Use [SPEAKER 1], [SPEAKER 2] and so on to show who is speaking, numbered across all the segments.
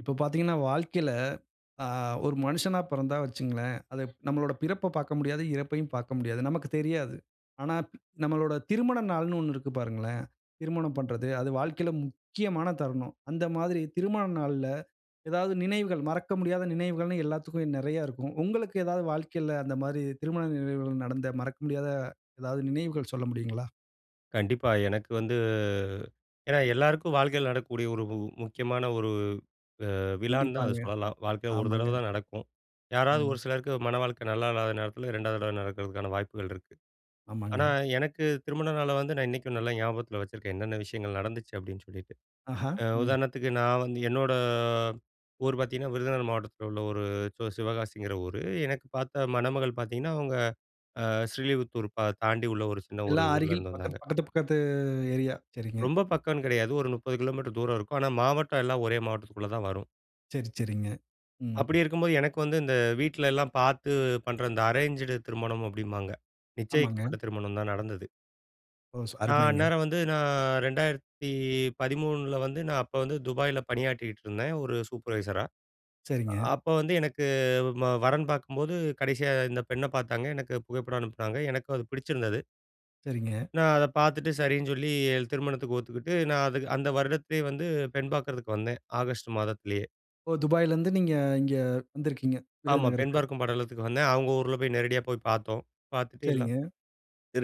[SPEAKER 1] இப்ப பாத்தீங்கனா வாழ்க்கையில, அ, ஒரு மனுஷனா பிறந்தா வச்சுக்கங்களேன். அதுப் நம்மளோட பிறப்ப பார்க்க முடியாது, இறப்பயும் பார்க்க முடியாது, நமக்கு தெரியாது. ஆனா, ப் நம்மளோட திருமண நாள்னு 1 இருக்கு பாருங்களேன்! திருமணம் பண்றது அது வாழ்க்கையில, முக்கியமான தருணம். அந்த மாதிரி திருமண நாள்ல எதாவது நினைவுகள், மறக்க முடியாத நினைவுகள்னு எல்லாத்துக்கும் நெறைய இருக்கும். உங்களுக்கு எதாவது வாழ்க்கையில அந்த மாரி திருமண நினைவுகள் நடந்த மறக்க முடியாத, எதாவது நினைவுகள் சொல்ல முடியுங்களா?
[SPEAKER 2] கண்டிப்பா. எனக்கு வந்து ஏன்னா எல்லாருக்கும் வாழ்க்கையில நடக்கக்கூடிய ஒரு உ முக்கியமான ஒரு அ, விழான்னு தான் அத
[SPEAKER 1] கண்டிப்பாங்க,
[SPEAKER 2] சொல்லலாம். வாழ்க்கையில 1
[SPEAKER 1] ஆமாங்க.
[SPEAKER 2] தடவ தான் நடக்கும். யாராவது
[SPEAKER 1] ம்.
[SPEAKER 2] ஒரு சிலருக்கு மணவாழ்க்கை நல்லா இல்லாத நேரத்துல 2வது தடவ நடக்கிறதுக்கான வாய்ப்புகள் இருக்கு. ஆனா,
[SPEAKER 1] ஆமாங்க.
[SPEAKER 2] எனக்கு திருமண நாள வந்து நான் இன்னைக்கும் நல்லா ஞாபகத்தில வச்சுருக்கேன். என்னென்ன விஷயங்கள் நடந்துச்சு அப்பிடின்னு சொல்லிட்டு.
[SPEAKER 1] ஆஹா!
[SPEAKER 2] அ,
[SPEAKER 1] ம்.
[SPEAKER 2] உதாரணத்துக்கு நான் வந்து, என்னோட ஊர் பாத்தீங்கன்னா விருதுநகர் மாவட்டத்தில உள்ள ஒரு சி சிவகாசிங்கிற ஊரு. எனக்கு பார்த்த மணமகள் பாத்தீங்கன்னா, அவுங்க அ, ஸ்ரீலிபுத்தூர் ப தாண்டி உள்ள ஒரு சின்ன ஒரு
[SPEAKER 1] எல்லாம்
[SPEAKER 2] ஊர்ல
[SPEAKER 1] அருகில்
[SPEAKER 2] இருந்து
[SPEAKER 1] பக்கத்
[SPEAKER 2] வந்தாங்க.
[SPEAKER 1] பக்கத்து, பக்கத்து ஏரியா சரிங்க.
[SPEAKER 2] ரொம்ப பக்கம்னு கிடையாது. ஒரு 30 கிலோமீட்டர் தூரம் இருக்கும். ஆனா, மாவட்டம் எல்லாம் ஒரே மாவட்டத்துக்குள்ள தான் வரும்.
[SPEAKER 1] சரி, சரிங்க. ம்.
[SPEAKER 2] அப்படி இருக்கும்போது எனக்கு வந்து, இந்த வீட்ல எல்லாம் பாத்து பண்ற இந்த அரேன்ஜட் திருமணம் அப்டின்பாங்க,
[SPEAKER 1] ஆமாங்க.
[SPEAKER 2] நிச்சயிக்கப்பட்ட திருமணம் தான் நடந்தது.
[SPEAKER 1] ஓ! ஸ்
[SPEAKER 2] நான்
[SPEAKER 1] அருமைங்க.
[SPEAKER 2] அந்நேரம் வந்து, நான் 2013 வந்து, நான் அப்ப வந்து, துபாயில பணியாற்றிட்டு இருந்தேன் ஒரு சூப்பர்வைசரா.
[SPEAKER 1] சரிங்க.
[SPEAKER 2] அப்ப வந்து எனக்கு, ம வரன் பாக்கும்போது, கடைசியா இந்த பெண்ண பாத்தாங்க.எனக்கு புகைப்படம் அனுப்புனாங்க. எனக்கும் அது பிடிச்சிருந்தது.
[SPEAKER 1] சரிங்க.
[SPEAKER 2] நான் அத பாத்துட்டு, சரின்னு சொல்லி, எ திருமணத்துக்கு ஒத்துக்கிட்டு, நான் அது அந்த வருடத்திலே வந்து, பெண் பாக்குறதுக்கு வந்தேன். ஆகஸ்ட் மாதத்திலயே.
[SPEAKER 1] ஓ! துபாய்‌லருந்து நீங்க இங்க வந்திருக்கீங்க,
[SPEAKER 2] ஆமா. பெண்
[SPEAKER 1] விருதுநகருக்கு.
[SPEAKER 2] பார்க்கும் படலத்துக்கு வந்தேன். அவங்க ஊர்ல போய் நேரடியா போய் பாத்தோம். பாத்துட்டு எல்லாம்
[SPEAKER 1] சரிங்க.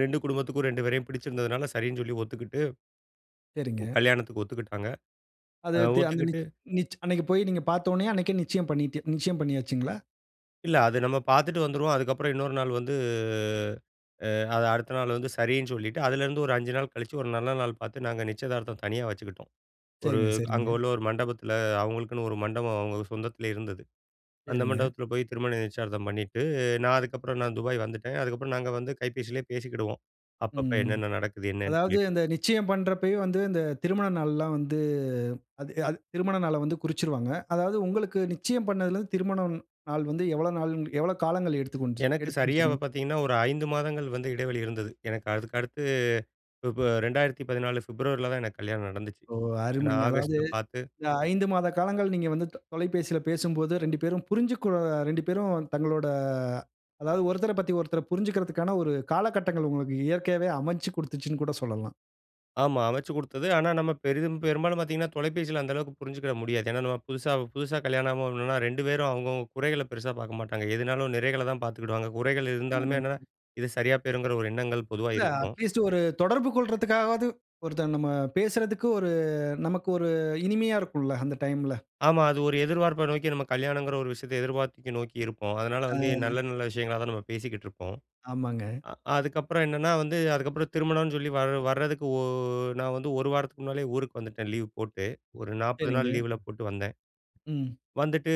[SPEAKER 2] 2 குடும்பத்துக்கும், 2 பேரையும் பிடிச்சிருந்ததனால சரின்னு சொல்லி ஒத்துக்கிட்டு ம்,
[SPEAKER 1] சரிங்க.
[SPEAKER 2] கல்யாணத்துக்கு ஒத்துக்கிட்டாங்க. அ
[SPEAKER 1] அது தி அங்க
[SPEAKER 2] ஒத்துக்கிட்டு
[SPEAKER 1] நிச் நிச் அன்னைக்கு போய் நீங்க பாத்த உடனே அன்னைக்கே நிச்சயம் பண்ணிட்டு நிச்சயம் பண்ணியாச்சுங்களா?
[SPEAKER 2] இல்ல. அது நம்ம பாத்துட்டு வந்துருவோம், அதுக்கப்பறம் இன்னொரு நாள் வந்து அ அத அடுத்த நாள் வந்து, சரின்னு சொல்லிட்டு அதிலருந்து, ஒரு 5 நாள் கழிச்சு ஒரு நல்ல நாள் பார்த்து, நாங்க நிச்சயதார்த்தம் தனியா வச்சுக்கிட்டோம். ஒரு
[SPEAKER 1] சரிங்க,
[SPEAKER 2] அங்க
[SPEAKER 1] சரிங்க.
[SPEAKER 2] உள்ள ஒரு மண்டபத்துல. அவங்களுக்குன்னு ஒரு மண்டபம் அவங்க சொந்தத்லயே இருந்தது. அந்த
[SPEAKER 1] சரிங்க.
[SPEAKER 2] மண்டபத்துல போயி, திருமண நிச்சயதார்த்தம் பண்ணிட்டு, நான் அதுக்கப்றம் நான் துபாய் வந்துட்டேன். அதுக்கப்றம் நாங்க வந்து கைபேசிலே பேசிக்கிடுவோம். அப்பப்ப
[SPEAKER 1] ம் ம்.
[SPEAKER 2] என்னன்ன நடக்குது? என்னன்னு
[SPEAKER 1] அதாவது
[SPEAKER 2] சொல்லிட்டு.
[SPEAKER 1] அந்த நிச்சயம் பண்றப்பவே வந்து இந்த திருமண நாள்ல்லாம் வந்து, அது அது திருமண நாள வந்து குறிச்சுறுவாங்க. அதாவது உங்களுக்கு நிச்சயம் பண்ணதுலருந்து திருமணம் நாள் வந்து, எவ்வளவு நாள் எவ்வளவு காலங்கள்? எடுத்து கொண்டுச்
[SPEAKER 2] எனக்கு சரியா
[SPEAKER 1] எடுத்துச்சுங்க?
[SPEAKER 2] வ பாத்தீங்கன்னா ஒரு 5 மாதங்கள் வந்து இடைவெளி இருந்தது. எனக்கு அதுக்கடுத்து, ஃபிப் 2014 ஃபிப்ரவரில தான் எனக்கு கல்யாணம் நடந்துச்சு.
[SPEAKER 1] ஓ!
[SPEAKER 2] ஏன்னா
[SPEAKER 1] அருமைங்க. அதாவது
[SPEAKER 2] ஆகஸ்ட்ல பாத்து
[SPEAKER 1] இந்த 5 மாத காலங்கள் நீங்க வந்து த தொலைபேசில பேசும்போது 2 பேரும் புரிஞ்சுக்கொ 2 பேரும் தங்களோட, அதாவது ஒருத்தர பத்தி ஒருத்தர் புரிஞ்சுக்குறதுக்கான, ஒரு காலகட்டங்கள் உங்களுக்கு இயற்கையாவே அமைச்சு கொடுத்துச்சுனு கூட சொல்லலாம்.
[SPEAKER 2] ஆமா, வச்சு குடுத்தது. ஆனா, நம்ம பெரிதும் பெரும்பாலும் பார்த்தீங்கன்னா, தொலைபேசியில அந்தளவுக்கு புரிஞ்சுக்கிட முடியாது. ஏன்னா, நம்ம புதுசா புதுசா கல்யாணம் [unintelligible] 2 பேரும் அவங்கவங்க குறைகள பெருசா பார்க்க மாட்டாங்க. எதுனாலும் நிறைகள தான் பார்த்துக்கிடுவாங்க. குறைகள் இருந்தாலுமே என்னன்னா,
[SPEAKER 1] ஆமாங்க.
[SPEAKER 2] இது சரியா போயிருங்கிற ஒரு எண்ணங்கள் பொதுவா
[SPEAKER 1] இல்ல,
[SPEAKER 2] இருக்கும்.
[SPEAKER 1] அட்லீஸ்ட் ஒரு தொடர்பு கொள்றதுக்காகவாது ஒருத்தங்க, நம்ம பேசுறதுக்கு ஒரு நமக்கு ஒரு இனிமையா இருக்கும்ல, அந்த டைம்‌ல.
[SPEAKER 2] ஆமா. அது ஒரு எதிர்ப்பார்ப்ப நோக்கி, நாம கல்யாணங்கிற ஒரு விஷயத்த எதிர்பார்த்து நோக்கி இருப்போம். அதனால வந்து
[SPEAKER 1] ஆ.
[SPEAKER 2] நல்ல நல்ல விஷயங்களா தான் நம்ம பேசிக்கிட்டு இருப்போம்.
[SPEAKER 1] ஆமாங்க.
[SPEAKER 2] அ அதுக்கப்புறம் என்னன்னா, வந்து அதுக்கப்புறம் திருமணம்னு சொல்லி வர வரதுக்கு, ஒ நான் வந்து 1 வாரத்துக்கு முன்னாலேயே ஊருக்கு வந்துட்டேன் லீவ் போட்டு. ஒரு 40 நாள்
[SPEAKER 1] சரிங்க.
[SPEAKER 2] லீவுல போட்டு வந்தேன்.
[SPEAKER 1] ம்.
[SPEAKER 2] வந்துட்டு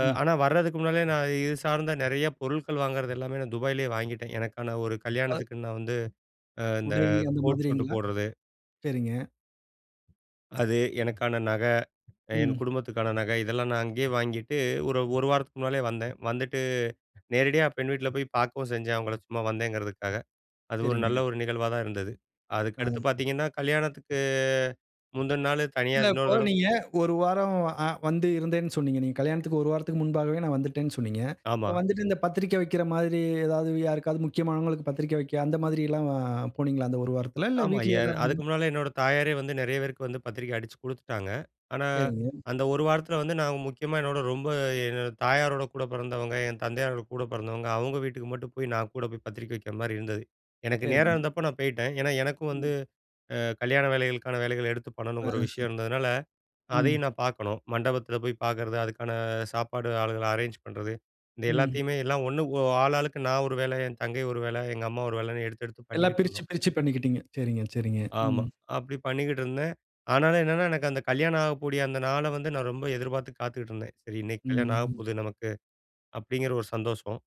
[SPEAKER 1] ம்.
[SPEAKER 2] ஆனா வரதுக்கு முன்னாலேயே நான் இது சார்ந்த நெறையா பொருள்கள் வாங்கறதெல்லாமே நான் துபாயிலேயே வாங்கிட்டேன். எனக்கான ஒரு
[SPEAKER 1] ஆ
[SPEAKER 2] கல்யாணத்துக்கு நான் வந்து இந்த
[SPEAKER 1] உடை,
[SPEAKER 2] அ
[SPEAKER 1] அந்த
[SPEAKER 2] கோட் ஷூட்
[SPEAKER 1] மாதிரீங்களா?
[SPEAKER 2] போடுறது
[SPEAKER 1] சரிங்க.
[SPEAKER 2] அது எனக்கான நகை, என்
[SPEAKER 1] ம்.
[SPEAKER 2] குடும்பத்துக்கான நகை. இதெல்லாம் நான் அங்கேயே வாங்கிட்டு ஒரு 1 வாரத்துக்கு முன்னாலேயே வந்தேன். வந்துட்டு நேரடியா பெண் வீட்ல போயி பார்க்கவும் செஞ்சேன் அவங்கள. சும்மா வந்தேங்கிறதுக்காக. அது ஒரு
[SPEAKER 1] சரிங்க.
[SPEAKER 2] நல்ல ஒரு நிகழ்வா தான் இருந்தது.
[SPEAKER 1] அ.
[SPEAKER 2] அதுக்கடுத்து பார்த்தீங்கன்னா, கல்யாணத்துக்கு முந்தன நாள் தனியா
[SPEAKER 1] இல்ல.
[SPEAKER 2] இன்னொரு
[SPEAKER 1] இப்போ
[SPEAKER 2] தடவ
[SPEAKER 1] நீங்க 1 வாரம் அ வந்து இருந்தேன்னு சொன்னீங்க. நீங்க கல்யாணத்திற்கு 1 வாரத்துக்கு முன்பாகவே நான் வந்துட்டேன்னு சொன்னீங்க. இப்போ
[SPEAKER 2] ஆமா.
[SPEAKER 1] வந்துட்டு இந்த பத்திரிக்கை வைக்கிற மாதிரி, ஏதாவது யாருக்காவது முக்கியமானவங்களுக்கு பத்திரிக்கை வைக்க அந்த மாதிரில்லாம் அ போனீங்களா? அந்த 1 வாரத்தில. இல்ல
[SPEAKER 2] ஆமா. எ
[SPEAKER 1] வீட்லேயே தான்
[SPEAKER 2] அதுக்கு
[SPEAKER 1] இருந்தீங்களா?
[SPEAKER 2] முன்னால என்னோட தாயாரே வந்து நெறைய பேருக்கு வந்து பத்திரிக்கை அடிச்சு குடுத்துட்டாங்க. ஆனா
[SPEAKER 1] சரிங்க.
[SPEAKER 2] அந்த 1 வாரத்தில வந்து நாங்க முக்கியமா என்னோட ரொம்ப என்னோட தாயாரோட கூட பிறந்தவங்க, என் தந்தையாரோட கூட பிறந்தவங்க, அவங்க வீட்டுக்கு மட்டும் போய் நான் கூட போய் பத்திரிக்கை வைக்கிற மாரி இருந்தது. எனக்கு நேரம்
[SPEAKER 1] சரிங்க.
[SPEAKER 2] இருந்தப்ப நான் போய்ட்டேன். ஏன்னா, எனக்கும் வந்து
[SPEAKER 1] ம்.
[SPEAKER 2] அ கல்யாண வேலைகளுக்கான வேலைகள எடுத்து
[SPEAKER 1] ஆ
[SPEAKER 2] பண்ணணுங்கிற விஷயம் இருந்ததுனால,
[SPEAKER 1] ம்.
[SPEAKER 2] அதையும் நான் பார்க்கணும். மண்டபத்தில போய் பார்க்கறது, அதுக்கான சாப்பாடு ஆளுகள அரேஞ்ச் பண்ணுறது இந்த
[SPEAKER 1] ம்.
[SPEAKER 2] எல்லாத்தையுமே எல்லாம் 1 ஒ ஆளாளுக்கு நான் ஒரு வேல, என் தங்கை ஒரு வேல, எங்க அம்மா ஒரு வேலன்னு எடுத்து எடுத்து
[SPEAKER 1] எல்லா
[SPEAKER 2] பண்ணிக்கிட்டு
[SPEAKER 1] பிரிச்சு,
[SPEAKER 2] இருந்தோம்.
[SPEAKER 1] பிரிச்சு பண்ணிக்கிட்டீங்க. சரிங்க, சரிங்க,
[SPEAKER 2] ஆமா.
[SPEAKER 1] ம்.
[SPEAKER 2] அப்படி பண்ணிக்கிட்டே இருந்தேன். ஆனாலும் என்னன்னா, எனக்கு அந்த கல்யாணமாகக் கூடிய அந்த நாள வந்து நான் ரொம்ப எதிர்பார்த்து காத்துக்கிட்டு இருந்தேன். "சரி, இன்னைக்கு கல்யாணம்
[SPEAKER 1] ம்.
[SPEAKER 2] ஆகப்போகுது நமக்கு!" அப்படிங்கிற ஒரு சந்தோஷம்.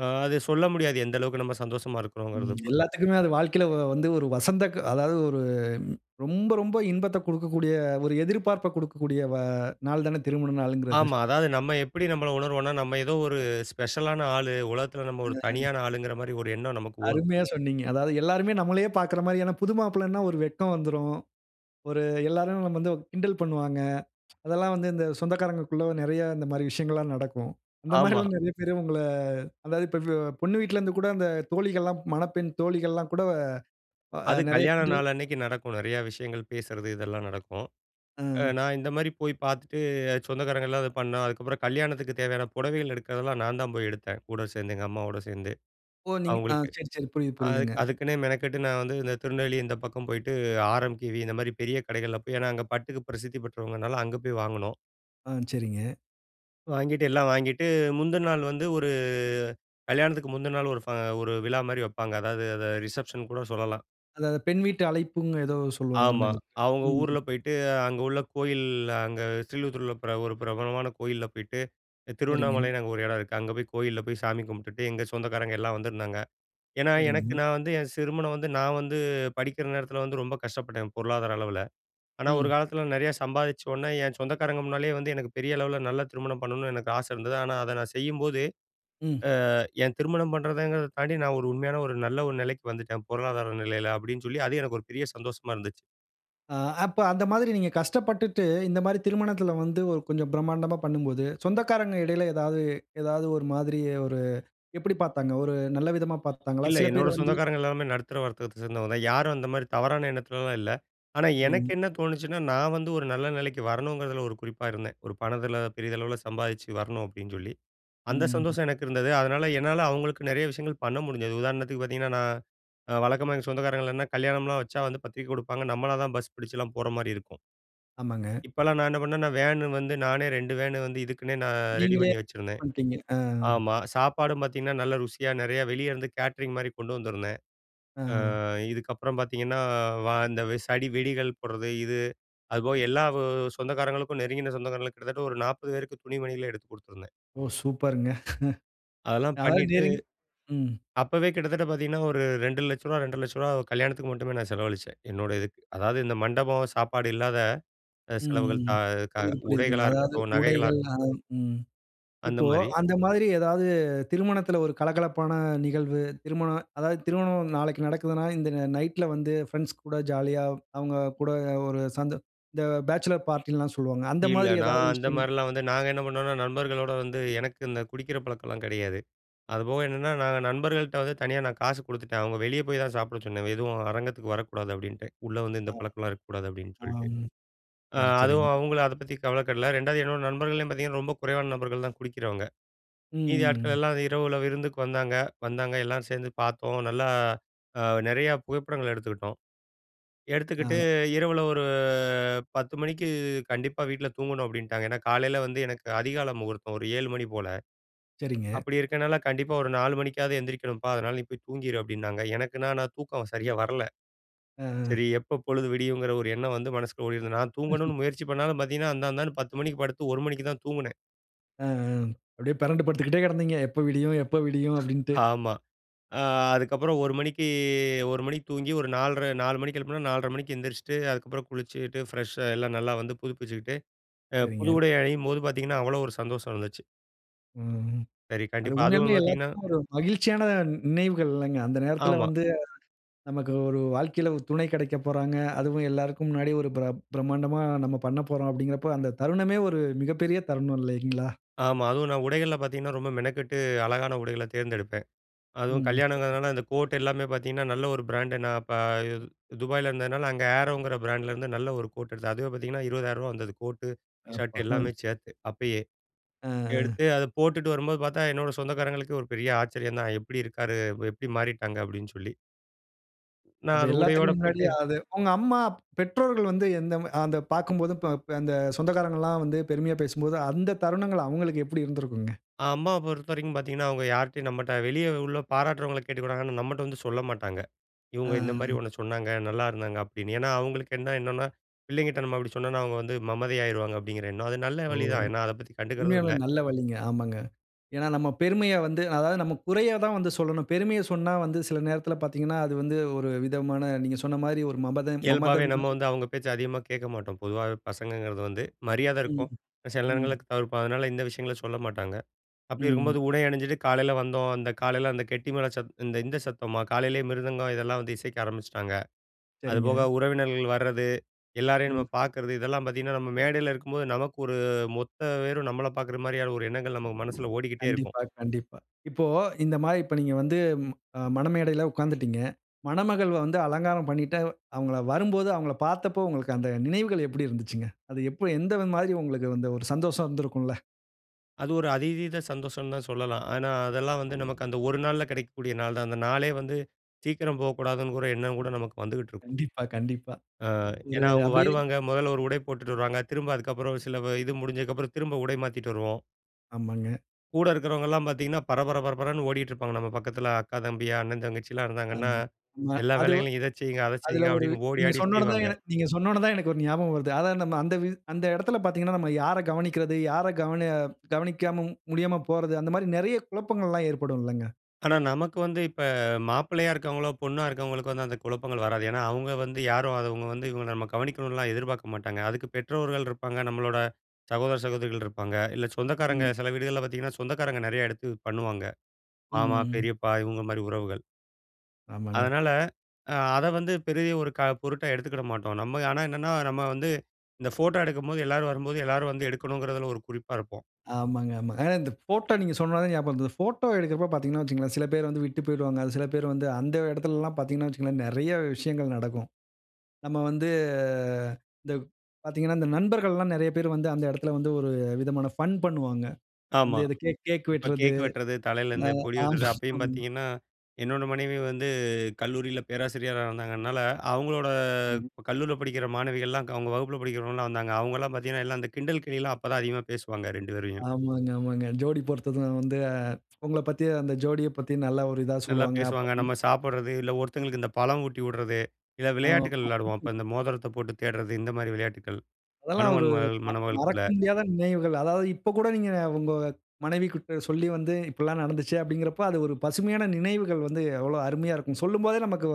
[SPEAKER 2] அ அது சொல்ல முடியாது எந்த அளவுக்கு நம்ம சந்தோஷமா இருக்கிறோங்கறத
[SPEAKER 1] ம்.
[SPEAKER 2] பொறுத்து.
[SPEAKER 1] எல்லாத்துக்குமே அது வாழ்க்கையில வ வந்து ஒரு வசந்த க அதாவது ஒரு ரொம்ப, ரொம்ப இன்பத்த கொடுக்கக்கூடிய, ஒரு எதிர்பார்ப்ப குடுக்கக்கூடிய அ நாள் தானே திருமண நாள்ங்கிறது.
[SPEAKER 2] ஆமா. அதாவது நம்ம எப்படி நம்மள உணர்வோம்ன்னா, நம்ம ஏதோ ஒரு ஸ்பெஷலான ஆளு! உலகத்தில நம்ம ஒரு
[SPEAKER 1] அ.
[SPEAKER 2] தனியான ஆளுங்கிற மாரி ஒரு எண்ணம், நமக்கு ஓடும்.
[SPEAKER 1] அருமையா சொன்னீங்க. அதாவது எல்லாருமே நம்மளையே பார்க்கிற மாரியான, புது மாப்பிள்ளைன்னா ஒரு வெட்கம் வந்துரும். ஒரு எல்லாரும் வந்து கிண்டல் பண்ணுவாங்க. அதெல்லாம் வந்து இந்த சொந்தக்காரங்ககுள்ள நெறைய இந்த மாரி விஷயங்கள்லாம் நடக்கும். இந்த
[SPEAKER 2] ஆமா.
[SPEAKER 1] மாதிரிலாம் நெறைய பேரு உங்கள, அதாவது இப்ப பொண்ணு வீட்டிலேருந்துகூட அந்த தோழிகள்லாம் மணப்பெண் தோழிகள்லாம் கூட அ
[SPEAKER 2] அது
[SPEAKER 1] நெறைய
[SPEAKER 2] கல்யாண
[SPEAKER 1] கிண்டல்
[SPEAKER 2] நாள் அன்னைக்கு நடக்கும். நெறையா விஷயங்கள பேசுறது, இதெல்லாம் நடக்கும். அ
[SPEAKER 1] ம்.
[SPEAKER 2] நான் இந்த மாதிரி போய் பார்த்துட்டு சொந்தக்காரங்கள்லாம், அத பண்ணோம். அதுக்கப்புறம் கல்யாணத்துக்கு தேவையான புடவைகள் எடுக்கிறதெல்லாம், நான் தான் போய் எடுத்தேன். கூட சேர்ந்து, எங்க அம்மாவோட சேர்ந்து.
[SPEAKER 1] ஓ! நீங்க அ
[SPEAKER 2] அவங்களுக்கு.
[SPEAKER 1] சரி, சரி. புரியுது,
[SPEAKER 2] அ
[SPEAKER 1] புரியுதுங்க.
[SPEAKER 2] அதுக்குன்னே மெனக்கெட்டு, நான் வந்து இந்த திருநெல்வேலி இந்த பக்கம் போயிட்டு ஆர்எம்கேவி இந்த மாரி பெரிய கடைகள்ல போய் ஏன்னா அங்க பட்டுக்கு பிரசித்தி பெற்றவங்கனால அங்க போய் வாங்குனோம்.
[SPEAKER 1] ஆ, சரிங்க.
[SPEAKER 2] வாங்கிட்டு எல்லாம் வாங்கிட்டு முந்தின நாள் வந்து ஒரு கல்யாணத்துக்கு முந்தின நாள் ஒரு ஃப ஒரு விழாமாரி வப்பாங்க. அதாவது, அத ரிசப்ஷன்னு கூட சொல்லலாம்.
[SPEAKER 1] அதா பெண் வீட்டு அழைப்புன்னு ஏதோ சொல்வாங்கன்னு
[SPEAKER 2] ஆமா.
[SPEAKER 1] நெனைக்கிறேன்.
[SPEAKER 2] அவுங்க ஊர்ல
[SPEAKER 1] ம்.
[SPEAKER 2] போயிட்டு அங்க உள்ள கோயில் அங்க ஸ்ரீலிபுத்தூரில பிர ஒரு பிரபலமான கோயில்ல போயிட்டு
[SPEAKER 1] சரிங்க.
[SPEAKER 2] திருவண்ணாமலைன்னு அங்க ஒரு இடம் இருக்கு. அங்க போய் கோயில்ல போய் சாமி கும்பிட்டுட்டு எங்க சொந்தக்காரங்க எல்லாம் வந்திருந்தாங்க. ஏன்னா, எனக்கு
[SPEAKER 1] சரிங்க.
[SPEAKER 2] நான் வந்து என் திருமணம் வந்து நான் வந்து படிக்கிற நேரத்தில வந்து ரொம்ப கஷ்டப்பட்டேன், பொருளாதார அளவுல. ஆனா, ஒரு
[SPEAKER 1] ம்.
[SPEAKER 2] காலத்தில நெறையா சம்பாதிச்ச உடனே என் சொந்தக்காரங்க முன்னாலேயே வந்து எனக்கு பெரிய அளவுல நல்ல திருமணம் பண்ணணுனு எனக்கு ஆசை இருந்தது. ஆனா, அத நான் செய்யும்போது,
[SPEAKER 1] ம்.
[SPEAKER 2] ஆ, என் திருமணம் பண்றதுங்றத தாண்டி நான் ஒரு உண்மையான ஒரு நல்ல ஒரு நிலைக்கு வந்துட்டேன். பொருளாதார நிலையில அப்பிடின்னு சொல்லி, அது எனக்கு ஒரு பெரிய சந்தோஷமா இருந்துச்சு.
[SPEAKER 1] ஆ, அப்ப அந்த மாதிரி நீங்க கஷ்டப்பட்டுட்டு, இந்த மாரி திருமணத்தில வந்து ஒரு கொஞ்சம் பிரமாண்டமா பண்ணும்போது, சொந்தக்காரங்க இடையில ஏதாவது ஏதாவது ஒரு மாதிரி ஒரு எப்பிடி பார்த்தாங்க? ஒரு நல்ல விதமா பார்த்தாங்களா?
[SPEAKER 2] இல்ல.
[SPEAKER 1] சில பேர்
[SPEAKER 2] என்னோட
[SPEAKER 1] வந்து
[SPEAKER 2] சொந்தக்காரங்க எல்லாருமே நடுத்தர வர்க்கத்த சேர்ந்தவங்க தான். யாரும் அந்தமாரி தவறான எண்ணத்துலலாம் இல்ல. ஆனா, எனக்கு
[SPEAKER 1] சரிங்க.
[SPEAKER 2] என்ன தோணுச்சுன்னா, நான் வந்து ஒரு நல்ல நிலைக்கு வரணுங்கிறதுல ஒரு குறிப்பா இருந்தேன். ஒரு பணத்துல பெரிதளவுல சம்பாதிச்சு வரணும் அப்பிடின்னு சொல்லி. அந்த
[SPEAKER 1] ம்.
[SPEAKER 2] சந்தோஷம் எனக்கு இருந்தது. அதனால, என்னால அவுங்களுக்கு நெறைய விஷயங்கள் பண்ண முடிஞ்சது. உதாரணத்துக்கு பார்த்தீங்கன்னா, நான் அ வழக்கமா எங்க சொந்தக்காரர்களெல்லாம் என்ன கல்யாணம்லாம் வச்சா வந்து பத்திரிக்க குடுப்பாங்க, நம்மள தான் பஸ் பிடிச்சுலாம் போறமாரி இருக்கும்.
[SPEAKER 1] ஆமாங்க.
[SPEAKER 2] இப்பலாம் நான் என்ன பண்ணேன், நான் வேனு வந்து நானே 2 வேனு வந்து இதுக்குன்னே நான் ரெடி
[SPEAKER 1] நீங்களே
[SPEAKER 2] பண்ணி வச்சிருந்தேன்.
[SPEAKER 1] பண்ணிட்டீங்க. ஆ.
[SPEAKER 2] ஆமா, சாப்பாடும் பார்த்தீங்கன்னா, நல்ல ருசியா நெறைய வெளிய இருந்து கேட்டரிங் மாரி கொண்டு வந்திருந்தேன். அ,
[SPEAKER 1] ஆ.
[SPEAKER 2] இதுக்கப்புறம் பார்த்தீங்கன்னா வா இந்த சடி வெடிகள் போடுறது இது. அதுபோக எல்லா ஊ சொந்தக்காரங்களுக்கும் நெருங்கின சொந்தக்காரங்களுக் கிட்டத்தட்ட ஒரு 40 பேருக்கு துணி மணிகள் எடுத்து கொடுத்துருந்தேன்.
[SPEAKER 1] ஓ! சூப்பருங்க.
[SPEAKER 2] அதெல்லாம்
[SPEAKER 1] அதாவது
[SPEAKER 2] பண்ணிட்டு
[SPEAKER 1] நெருங் ம்.
[SPEAKER 2] அப்பவே கிட்டத்தட்ட பார்த்தீங்கன்னா, ஒரு ரூ. 2,00,000, ரூ. 2,50,000 கல்யாணத்துக்கு மட்டுமே நான் செலவழிச்சேன். என்னோட இதுக்கு. அதாவது இந்த மண்டபம் சாப்பாடு இல்லாத அ செலவுகள் த
[SPEAKER 1] ம்
[SPEAKER 2] க
[SPEAKER 1] புரியுது, புரியுது.
[SPEAKER 2] உடைகளா
[SPEAKER 1] அதாவது
[SPEAKER 2] இருக்கட்டும், நகைகளா
[SPEAKER 1] உடைகள்
[SPEAKER 2] இருக்
[SPEAKER 1] அ, ம். இப்போ
[SPEAKER 2] அந்தமாரி.
[SPEAKER 1] அந்தமாரி ஏதாவது திருமணத்துல ஒரு கலகலப்பான நிகழ்வு. திருமண அதாவது திருமணம் நாளைக்கு நடக்குதுனா, இந்த ந நைட்‌ல வந்து ஃபிரெண்ட்ஸ் கூட ஜாலியா அவுங்க கூட ஒரு சந்தோ இந்த பேச்சிலர் பார்ட்டில்லாம் சொல்வாங்க. அந்த
[SPEAKER 2] இல்ல.
[SPEAKER 1] மாதிரி ஏதாவது
[SPEAKER 2] நான்
[SPEAKER 1] விஷயங்
[SPEAKER 2] அந்தமாரிலாம் வந்து நாங்க என்ன பண்ணுவோன்னா, நண்பர்களோடு வந்து எனக்கு இந்த குடிக்கிற பழக்கம்லாம் கிடையாது. அதுபோக என்னன்னா, நாங்க நண்பர்கள்ட்ட வந்து தனியா நான் காசு குடுத்துட்டேன். அவுங்க வெளிய போய் தான் சாப்பிட சொன்னேன். எதுவும் அரங்கத்துக்கு வரக்கூடாது அப்பிடின்டேன். உள்ள வந்து
[SPEAKER 1] அ,
[SPEAKER 2] இந்த பழக்கம்லாம் இருக்கக்கூடாது அப்பிடின்னு சொல்லிட்டு.
[SPEAKER 1] ஆம்.
[SPEAKER 2] அ,
[SPEAKER 1] சரி, சரிங்
[SPEAKER 2] அதுவும் அவுங்களும் அத பத்தி கவலைப்படவில்லை 2வது என்னோட நண்பர்கள்லயும் பார்த்தீங்கன்னா, ரொம்ப குறைவான நபர்கள் தான் குடிக்கிறவங்க.
[SPEAKER 1] ம்,
[SPEAKER 2] மீதி
[SPEAKER 1] ம்,
[SPEAKER 2] ஆட்கள்
[SPEAKER 1] ம்.
[SPEAKER 2] எல்லாம் இரவுல விருந்துக்கு வந்தாங்க, வந்தாங்க எல்லோரும் சேர்ந்து பார்த்தோம். நல்லா அ, நெறையா புகைப்படங்கள் எடுத்துக்கிட்டோம். எடுத்துக்கிட்டு
[SPEAKER 1] ஆ.
[SPEAKER 2] இரவுல ஒரு 10:00 மணிக்கு கண்டிப்பா வீட்ல தூங்கணும் அப்பிடின்ட்டாங்க. ஏன்னா, காலையில வந்து எனக்கு அதிகால முகூர்த்தம் ஒரு 7:00 மணி போல.
[SPEAKER 1] சரிங்க.
[SPEAKER 2] அப்பிடி இருக்கனால, கண்டிப்பாக ஒரு 4:00 மணிக்காவது எந்திரிக்கணும்பா. அதனால, "நீ போய் தூங்கிறு." அப்பிடின்னாங்க. எனக்குனா நான் தூக்கம் சரியா வரல.
[SPEAKER 1] ஆ, ஆ.
[SPEAKER 2] சரி எப்ப பொழுது விடியுங்கிற ஒரு எண்ணம் வந்து மனசுக்குள்ள ஓடியிருந்த நான் தூங்கணுனு முயற்சி பண்ணாலும் பார்த்தீங்கன்னா அந்தா, அந்தான்னு 10:00 மணிக்கு படுத்து 1:00 மணிக்கு தான் தூங்குனேன்.
[SPEAKER 1] அ, அ அப்பிடியே பிரண்டு படுத்துக்கிட்டே கிடந்தீங்க. "எப்ப விடியும், எப்ப விடியும்?" அப்பிடீன்டு.
[SPEAKER 2] ஆமா. அ, அதுக்கப்புறம் 1:00 மணிக்கு 1:00 மணிக்கு தூங்கி, ஒரு 4:30 4:00 மணிக்கு எழுப்புனா, 4:30 மணிக்கு எந்திரிச்சுட்டு. அதுக்கப்புறம் குளிச்சிட்டு ஃப்ரெஷ்ஷா எல்லாம் நல்லா வந்து புதுப்பிச்சுக்கிட்டு அ, புது
[SPEAKER 1] சரிங்க.
[SPEAKER 2] உடை அணியும் போது பாத்தீங்கன்னா, அவ்ளோ ஒரு சந்தோஷம் இருந்துச்சு.
[SPEAKER 1] ம்ஹ்ம்.
[SPEAKER 2] சரி
[SPEAKER 1] அது
[SPEAKER 2] கண்டிப்பா,
[SPEAKER 1] உண்மையாலுமே
[SPEAKER 2] அதுவும் பாத்தீங்கன்னா.
[SPEAKER 1] எல்லாதுக்கும் ஒரு மகிழ்ச்சியான நி நினைவுகள் இல்லேங்க. அந்த நேரத்துல
[SPEAKER 2] ஆமா.
[SPEAKER 1] வந்து, நமக்கு ஒரு வாழ்க்கையில ஒரு துணை கிடைக்க போறாங்க. அதுவும் எல்லாருக்கும் முன்னாடி ஒரு பிரப் பிரமாண்டம்மா நம்ம பண்ணப்போறோம், அப்பிடீங்கிறப்ப. அந்த தருணமே ஒரு மிகப்பெரிய தருணம் இல்லேங்களா!
[SPEAKER 2] ஆமா, அதுவும் நான் உடைகள்ல பாத்தீங்கன்னா, ரொம்ப மெனக்கெட்டு, அழகான உடைகள்ல தேர்ந்தெடுப்பேன். அதுவும்
[SPEAKER 1] ம், ம். சரிங்க.
[SPEAKER 2] கல்யாணம்ங்குறதுனால அந்த கோட் எல்லாமே பாத்தீங்கன்னா, நல்ல ஒரு பிராண்ட் நான் பா துபாயில இருந்ததுனால, அங்க Arrow ங்கிற பிராண்டலயிருந்து நல்ல ஒரு கோட் எடுத்தேன். அதுவே பாத்தீங்கன்னா ரூ. 20,000 வந்தது கோட்டு, ஷர்ட்
[SPEAKER 1] அப்பா,
[SPEAKER 2] எல்லாமே
[SPEAKER 1] அஹ.
[SPEAKER 2] சேத்து அப்பயே.
[SPEAKER 1] ஆ, ஆ
[SPEAKER 2] எடுத்து அத போட்டுட்டு வரும்போது பாத்தா, என்னோட சொந்தக்காரங்களுக்கே ஒரு பெரிய ஆச்சரியம் தான். எப்பிடி இருக்காரு! எப்பிடி மாறிட்டாங்க அப்பிடீன்னு சொல்லி. நான்
[SPEAKER 1] அப்ப
[SPEAKER 2] அது உடையோட
[SPEAKER 1] எல்லாத்துக்கும்
[SPEAKER 2] போயிட்டு
[SPEAKER 1] முன்னாடியே அது உங்க அம்மா அப் பெற்றோர்கள் வந்து எந்த அத பாக்கும்போது இப் அந்த சொந்தக்காரங்கலாம் வந்து பெருமையா பேசும்போது அந்த தருணங்கள் அவுங்களுக்கு எப்பிடி இருந்திருக்குங்க?
[SPEAKER 2] அ, அம்மாவ பொறுத்தவரைக்கும் பாத்தீங்கன்னா, அவுங்க யார்ட்டயும் நம்மட்ட வெளியே உள்ள பாராட்டுறவங்கள கேட்டுக்கிடுவாங்க ஆனா, நம்மட்ட வந்து சொல்ல மாட்டாங்க.
[SPEAKER 1] ஆ,
[SPEAKER 2] இவுங்க
[SPEAKER 1] ஆ.
[SPEAKER 2] இந்தமாரி ஒன்ன சொன்னாங்க, நல்லா இருந்தாங்க அப்பிடீன்னு. ஏன்னா அவுங்களுக்கு என்ன என்னன்னா, பிள்ளைங்கிட்ட நம்ம அப்பிடி சொன்னோன்னா, அவுங்க வந்து மமதை ஆயிருவாங்க அப்பிடீங்கிற எண்ணம். அது நல்ல
[SPEAKER 1] ஓ!
[SPEAKER 2] வழி தான், ஏன்னா அத பத்தி கண்டுகிறதும்
[SPEAKER 1] உண்மையாவே
[SPEAKER 2] இல்ல.
[SPEAKER 1] நல்ல வழிங்க. ஆமாங்க. ஏன்னா நம்ம பெருமைய வந்து அதாவது நம்ம குறையதான் வந்து சொல்லணும். பெருமைய சொன்னா வந்து சில நேரத்துல பாத்தீங்கன்னா, அது வந்து ஒரு விதமான நீங்க சொன்னமாரி ஒரு மமதை மமதை
[SPEAKER 2] இயல்பாவே நம்ம
[SPEAKER 1] மாரி.
[SPEAKER 2] வந்து அங்க பேச்ச அதிகமா கேட்க மாட்டோம், பொதுவாவே பசங்கங்கிறது வந்து. மரியாத
[SPEAKER 1] ம்,
[SPEAKER 2] இருக்கும், சில நேரங்கள்ல
[SPEAKER 1] ம்.
[SPEAKER 2] தவிர்ப்போம். அதனால, இந்த விஷயங்கள சொல்ல மாட்டாங்க. அப்பிடி இருக்கும்போது
[SPEAKER 1] ம்.
[SPEAKER 2] உடை அணிஞ்சுட்டு காலையில் வந்தோம். அந்த காலையில அந்த கெட்டி மேல சத் இந்த, இந்த சத்தமா, காலையிலேயே மிருதங்கம் இதெல்லாம் வந்து இசைக்க ஆரம்பிச்சுட்டாங்க.
[SPEAKER 1] சரிங்க.
[SPEAKER 2] அதுபோக உறவினர்கள் வர்றது. எல்லாரையும்
[SPEAKER 1] ம்.
[SPEAKER 2] நம்ம பார்க்கிறது இதெல்லாம் பாத்தீங்கன்னா, நம்ம மேடையில இருக்கும்போது நமக்கு ஒரு மொத்த பேரும் நம்மள பாக்குற மாரியான ஒரு எண்ணங்கள் நம்ம மனசுல ஓடிக்கிட்டே இருக்கும்.
[SPEAKER 1] கண்டிப்பா, கண்டிப்பா. இப்போ இந்தமாரி இப்ப நீங்க வந்து ம மணமேடையில உட்காந்துடீங்க. மணமகள் வந்து அலங்காரம் பண்ணிட்டு அவுங்கள வரும்போது அவுங்களப் பார்த்தப்போ, உங்களுக்கு அந்த நினைவுகள் எப்பிடி இருந்துச்சுங்க? அது எப்போ எந்த மாதிரி உங்களுக்கு வந்து ஒரு சந்தோஷம் இருந்திருக்கும்ல.
[SPEAKER 2] அது ஒரு அதீத சந்தோஷம்னு தான் சொல்லலாம். ஏன்னா, அதெல்லாம் வந்து நமக்கு அந்த ஒரு நாள்ல கிடைக்கக்கூடிய நாள் தான். அந்த நாளே வந்து சீக்கிரம் போகக்கூடாதுன்னு கூட எண்ணமும் கூட நமக்கு வந்துகிட்டு இருக்கும்.
[SPEAKER 1] கண்டிப்பா, கண்டிப்பா.
[SPEAKER 2] அ
[SPEAKER 1] ஒரு
[SPEAKER 2] ஏன்னா அவங்க
[SPEAKER 1] அப்படியே
[SPEAKER 2] வருவாங்க. முதல்ல ஒரு உடை போட்டுட்டு வருவாங்க. திரும்ப அதுக்கப்புறம் சில வ இது முடிஞ்சதுக்கப்புறம் திரும்ப உடை மாத்திட்டு வருவோம்.
[SPEAKER 1] ஆமாங்க.
[SPEAKER 2] கூட இருக்கிறவங்கலாம் பார்த்திங்கன்னா பரபர பரபரன்னு ஓடிட்டு இருப்பாங்க நம்ம பக்கத்தில. அக்கா, தம்பி, அண்ணன், தங்கச்சிலாம் இருந்தாங்கன்னா,
[SPEAKER 1] ம். ஆமா.
[SPEAKER 2] எல்லா
[SPEAKER 1] அது
[SPEAKER 2] வேலைகளையும் இத செய்யுங்க, அத
[SPEAKER 1] அதில
[SPEAKER 2] செய்யுங்க
[SPEAKER 1] ஒரு
[SPEAKER 2] அப்படின்னு ஓடி
[SPEAKER 1] நீங்க
[SPEAKER 2] ஆடி
[SPEAKER 1] சொன்ன உடனே
[SPEAKER 2] செய்வாங்க.
[SPEAKER 1] நீங்க சொன்ன உடனே தான் எனக்கு ஒரு ஞாபகம் வருது. அதாவது நம்ப அந்த வ் அந்த இடத்தில பாத்தீங்கன்னா, நம்ம யார கவனிக்கிறது யார கவன கவனிக்காம முடியாம போறது, அந்த மாரி நிறைய குழப்பங்கள்லாம் ஏற்படும் இல்லைங்க.
[SPEAKER 2] ஆனா நமக்கு வந்து இப்ப மாப்பிள்ளையா இருக்கிறவங்களோ, பொண்ணா இருக்கவங்களுக்கு வந்து அந்த குழப்பங்கள் வராது. ஏன்னா, அவங்க வந்து யாரும் அத அவங்க வந்து இவங்க நம்ப கவனிக்கணும்லாம் எதிர்பார்க்க மாட்டாங்க, அதுக்கு பெற்றோர்கள் இருப்பாங்க. நம்பளோட சகோதர, சகோதரிகள் இருப்பாங்க. இல்ல சொந்தக்காரங்க
[SPEAKER 1] ம்.
[SPEAKER 2] சில வீடுகள்ல பாத்தீங்கன்னா, சொந்தக்காரங்க நெறைய எடுத்து பண்ணுவாங்க.
[SPEAKER 1] ம்,
[SPEAKER 2] மாமா,
[SPEAKER 1] ம்.
[SPEAKER 2] பெரியப்பா, இவங்க மாதிரி உறவுகள்.
[SPEAKER 1] ஆமாங்க.
[SPEAKER 2] அதுனால அ அத வந்து பெரிய ஒரு க பொருட்டா எடுத்துகிட மாட்டோம். நம்ம ஆனா என்னன்னா, நம்ம வந்து இந்த போட்டோ எடுக்கும்போது எல்லாரும் வரும்போது, எல்லாரும் வந்து எடுக்கணும்ன்றதுல ஒரு குறிப்பா இருப்போம்.
[SPEAKER 1] ஆமாங்க, ஆமாங்க. ஆனா இந்த ஃபோட்டோ நீங்க சொன்னனா தான் ஞாபகம் வருது. இந்த ஃபோட்டோ எடுக்குறப்போ பாத்தீங்கன்னா வச்சுக்கோங்களேன். சில பேர் வந்து விட்டு போயிடுவாங்க அது சில பேர் வந்து அந்த இடத்துலலாம் பாத்தீங்கன்னா வச்சுக்கோங்களேன், நெறைய விஷயங்கள் நடக்கும். நம்ம வந்து இந்த பாத்தீங்கன்னா, இந்த நண்பர்கள்லாம் நெறைய பேரு வந்து, அந்த இடத்துல வந்து ஒரு விதமான ஃபன் பண்ணுவாங்க. வந்து
[SPEAKER 2] ஆமா.
[SPEAKER 1] இது கேக் கேக்
[SPEAKER 2] இப்போ
[SPEAKER 1] வெட்டுறது.
[SPEAKER 2] கேக் வெட்டுறது, தலையில்
[SPEAKER 1] அ
[SPEAKER 2] இந்த பொடி உதுறது,
[SPEAKER 1] ஆமாங்க,
[SPEAKER 2] அப்பயும்
[SPEAKER 1] ஆமா.
[SPEAKER 2] பாத்தீங்கன்னா என்னோட மனைவி வந்து கல்லூரியில பேராசிரியரா இருந்தாங்க. அதனால, அவங்களோட கல்லூரியில படிக்கிற மாணவிகள்லாம், அவங்க வகுப்பில படிக்கிறவங்கள்லாம் வந்தாங்க. அவங்களலாம் பாத்தீங்கன்னா, எல்லாம் அந்த கிண்டல் கேலியெல்லாம் அப்போ தான் அதிகமாக பேசுவாங்க, 2 பேரையும்.
[SPEAKER 1] ஆமாங்க, ஆமாங்க. ஜோடி பொறுத்தத வந்து அ உங்களைப் பத்தி அந்த ஜோடிய பத்தி நல்ல ஒரு இதா
[SPEAKER 2] நல்லா
[SPEAKER 1] சொல்லுவாங்க. அப்ப
[SPEAKER 2] பேசுவாங்க,
[SPEAKER 1] ம்
[SPEAKER 2] நம்ம சாப்பிடுறது, இல்ல ஒருத்தவங்களுக்கு இந்த பழம் ஊட்டி விடுறது, இல்ல
[SPEAKER 1] ஆமா.
[SPEAKER 2] விளையாட்டுகள் விளையாடுவோம். அப்போ இந்த மோதரத்த போட்டு தேடுறது. இந்த மாதிரி விளையாட்டுகள்
[SPEAKER 1] அதெல்லாம் ஒரு
[SPEAKER 2] மணமகன்,
[SPEAKER 1] ம
[SPEAKER 2] மணமகள்குள்ள.
[SPEAKER 1] மறக்க முடியாத நினைவுகள். அதாவது இப்ப கூட நீங்க உங்க மனைவி கிட்ட சொல்லி வந்து, "இப்படியெல்லாம் நடந்ச்சு." அப்படீங்கிறப்போ, அது ஒரு பசுமையான நினைவுகள் வந்து எவ்வளவு அருமையா இருக்கும்! சொல்லும்போதே நமக்கு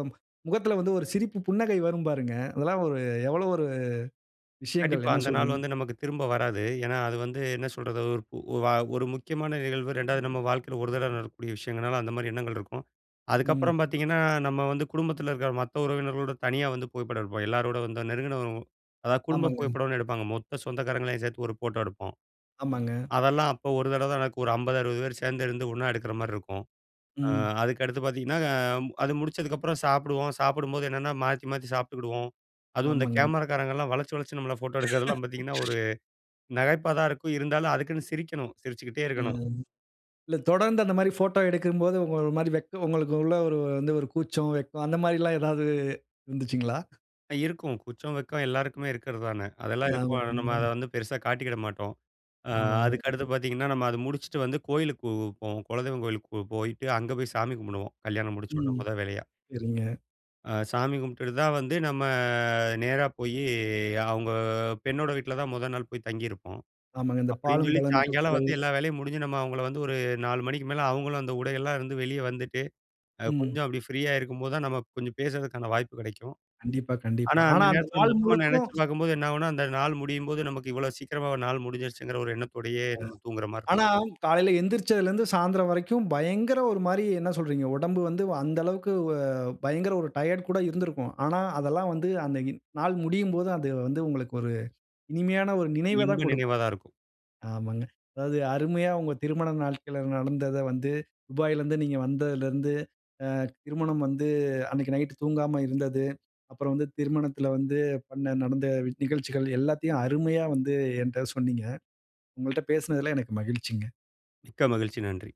[SPEAKER 1] முகத்தில வந்து ஒரு சிரிப்பு புன்னகை வரும் பாருங்க. அதெல்லாம் ஒரு எவ்வளவு ஒரு விஷயங்கள்.
[SPEAKER 2] கண்டிப்பா.
[SPEAKER 1] என்ன
[SPEAKER 2] அந்த நாள்
[SPEAKER 1] சொல்கிறீர்ங்க?
[SPEAKER 2] வந்து நமக்கு திரும்ப வராது. ஏன்னா, அது வந்து என்ன சொல்றது ஒ வ ஒரு முக்கியமான நிகழ்வு. 2வது நம்ப வாழ்க்கையில ஒரு தடவை நடக்கக்கூடிய விஷயங்கள்னால அந்தமாதிரி எண்ணங்கள் இருக்கும்.
[SPEAKER 1] ம்.
[SPEAKER 2] அதுக்கப்புறம் பாத்தீங்கன்னா, நம்ம வந்து குடும்பத்தில இருக்கிற மத்த உறவினர்களோடு தனியா வந்து புகைப்படம் எடுப்போம். எல்லோரோட வந்து நெருங்கின அதாவது குடும்ப
[SPEAKER 1] ஆமாங்க.
[SPEAKER 2] புகைப்படம்னு எடுப்பாங்க. மொத்த சொந்தக்காரங்களையும் சேர்த்து ஒரு ஃபோட்டோ எடுப்போம்.
[SPEAKER 1] ஆமாங்க.
[SPEAKER 2] அதெல்லாம் அப்போ ஒரு தடவ தான் நடக்கும். ஒரு 50, 60 பேர் சேர்ந்து இருந்து ஒண்ணா எடுக்கிற மாரி இருக்கும். அ
[SPEAKER 1] ம்.
[SPEAKER 2] அதுக்கடுத்து பாத்தீங்கன்னா, அ அது முடிச்சதுக்கப்புறம் சாப்பிடுவோம், சாப்பிடும்போது என்னன்னா மாத்தி, மாத்தி சாப்பிட்டுக்கிடுவோம். அதுவும் இந்த
[SPEAKER 1] ஆமாங்க.
[SPEAKER 2] கேமராக்காரங்கள்லாம் வளச்சி வளச்சி நம்பள ஃபோட்டோ எடுக்கிறதெல்லாம் பாத்தீங்கன்னா, ஒரு நகைப்பா தான் இருக்கும். இருந்தாலும் அதுக்குன்னு சிரிக்கணும். சிரிச்சுக்கிட்டே இருக்கணும்.
[SPEAKER 1] ம். இல்ல தொடர்ந்து அந்த மாரி போட்டோ எடுக்கும்போது உங்க ஒரு மாதிரி வெக்கம் உங்களுக்குள்ள ஒரு வந்து ஒரு கூச்சம், வெட்கம் அந்த மாரிலாம் ஏதாவது இருந்துச்சுங்கலா?
[SPEAKER 2] ஆ இருக்கும். கூச்சம், வெக்கம் எல்லோருக்குமே இருக்கறதானே? அதெல்லாம் இருக்கும். ஆனா நம்ம அத
[SPEAKER 1] [unintelligible]
[SPEAKER 2] வந்து பெருசா காட்டிக்கிட மாட்டோம். அ
[SPEAKER 1] ஆமாமா.
[SPEAKER 2] அதுக்கு அடுத்து
[SPEAKER 1] [unintelligible]
[SPEAKER 2] பாத்தீங்கன்னா, நம்ம அத முடிச்சுட்டு வந்து கோயிலுக்கு போவு போவோம். குலதெய்வம் கோயிலுக்கு போ போயிட்டு அங்க போய் சாமி கும்புடுவோம், கல்யாணம் முடிச்சோட்ன
[SPEAKER 1] ம்,
[SPEAKER 2] முத வேலையா.
[SPEAKER 1] சரிங்க.
[SPEAKER 2] அ சாமி கும்ப்ட்டுடுதான் வந்து நம்ம நேரா போயி அவுங்க பெண்ணோட வீட்ல தான் மொத நாள் போய் தங்கியிருப்போம்,
[SPEAKER 1] ஆமாங்க. இந்த
[SPEAKER 2] அப்டின்னு
[SPEAKER 1] பாலும்,
[SPEAKER 2] சொல்லி,
[SPEAKER 1] பழ
[SPEAKER 2] சாயங்காலம்
[SPEAKER 1] நிகழ்ச்சிகள்
[SPEAKER 2] வந்து எல்லா வேலையும் முடிஞ்சு நம்ம அவுங்கள வந்து ஒரு 4 மணிக்கு மேல அவுங்களும் அந்த உடைகள்லலாம் இருந்து வெளிய வந்துட்டு, அ
[SPEAKER 1] ம்.
[SPEAKER 2] கொஞ்சம் அப்டி ஃப்ரீயா இருக்கும்போதுதான் நம்ம ப் கொஞ்சம் பேசறதுக்கான வாய்ப்பு கெடைக்கும்.
[SPEAKER 1] கண்டிப்பா, கண்டிப்பா.
[SPEAKER 2] ஆனா
[SPEAKER 1] ஆனா
[SPEAKER 2] அந்த
[SPEAKER 1] அந்த
[SPEAKER 2] நேரத்தில
[SPEAKER 1] நாள்
[SPEAKER 2] மொத்தமா
[SPEAKER 1] முழுக்கும்
[SPEAKER 2] நெனைச்சு பாக்கும்போது என்ன ஆவுன்னா, அந்த நாள் முடியும்போது நமக்கு இவ்வளோ சீக்கிரமா ஒரு நாள் முடிஞ்சிருச்சுங்கிற ஒரு எண்ணத்தோடயே
[SPEAKER 1] அ
[SPEAKER 2] நம்ம தூங்குற மார்ரு
[SPEAKER 1] ஆனா காலையில எந்திருச்சதிலிருந்து சாயந்திரம் வரைக்கும் பயங்கர, ஒரு மாரி என்ன சொல்றீங்க? உடம்பு வந்து அந்த அளவுக்கு வ பயங்கர ஒரு டயர்ட் கூட இருந்திருக்கும். ஆனா அதெல்லாம் வந்து அந்த இன் நாள் முடியும்போது அந்த வந்து உங்களுக்கு ஒரு இனிமையான ஒரு
[SPEAKER 2] ஒரு
[SPEAKER 1] நினைவதான்
[SPEAKER 2] இன்ப
[SPEAKER 1] குடுக்கும்.
[SPEAKER 2] நினைவாதான் இருக்கும்.
[SPEAKER 1] ஆமாங்க. அதாவது அருமையா உங்க திருமண நாள்கள்ல நடந்தத வந்து, துபாயிலிருந்து நீங்க வந்ததிலிருந்து, அ திருமணம் வந்து அன்னைக்கு நைட்‌டு தூங்காம இருந்தது. அப்புறம் வந்து திருமணத்தில வந்து பண்ண நடந்த நிகழ்ச்சிகள் எல்லாத்தையும் அருமையா வந்து என்ட்ட சொன்னீங்க. உங்கள்ட்ட பேசினதில எனக்கு மகிழ்ச்சிங்க.
[SPEAKER 2] மிக்க மகிழ்ச்சி, நன்றி!